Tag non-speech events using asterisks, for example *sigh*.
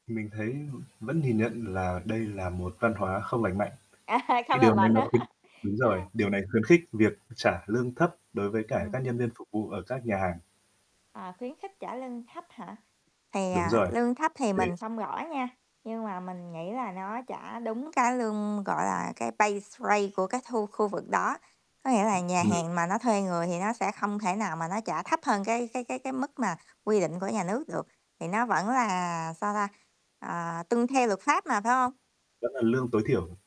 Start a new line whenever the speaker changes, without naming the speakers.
Mình thấy vẫn nhìn nhận là đây là một văn hóa không lành mạnh.
A ha, không
Cái
lành
điều này
mạnh
nó
hả?
khuyến
*chuckles*
đúng rồi,
A.
điều này khuyến khích việc trả lương thấp đối với cả
Ừm.
các nhân viên phục vụ ở các nhà hàng.
À, khuyến khích trả lương thấp hả? Thì,
Đúng
à,
rồi,
lương thấp thì
thế
mình không gõ nha, nhưng mà mình nghĩ là nó trả đúng cái lương, gọi là, cái pay rate của cái thu khu vực đó, có nghĩa là nhà
Ừm.
hàng mà nó thuê người thì nó sẽ không thể nào mà nó trả thấp hơn cái cái cái cái mức mà quy định của nhà nước được, thì nó vẫn là, sao ta, ờ, tuân theo luật pháp mà, phải hông?
Vẫn là lương tối thiểu.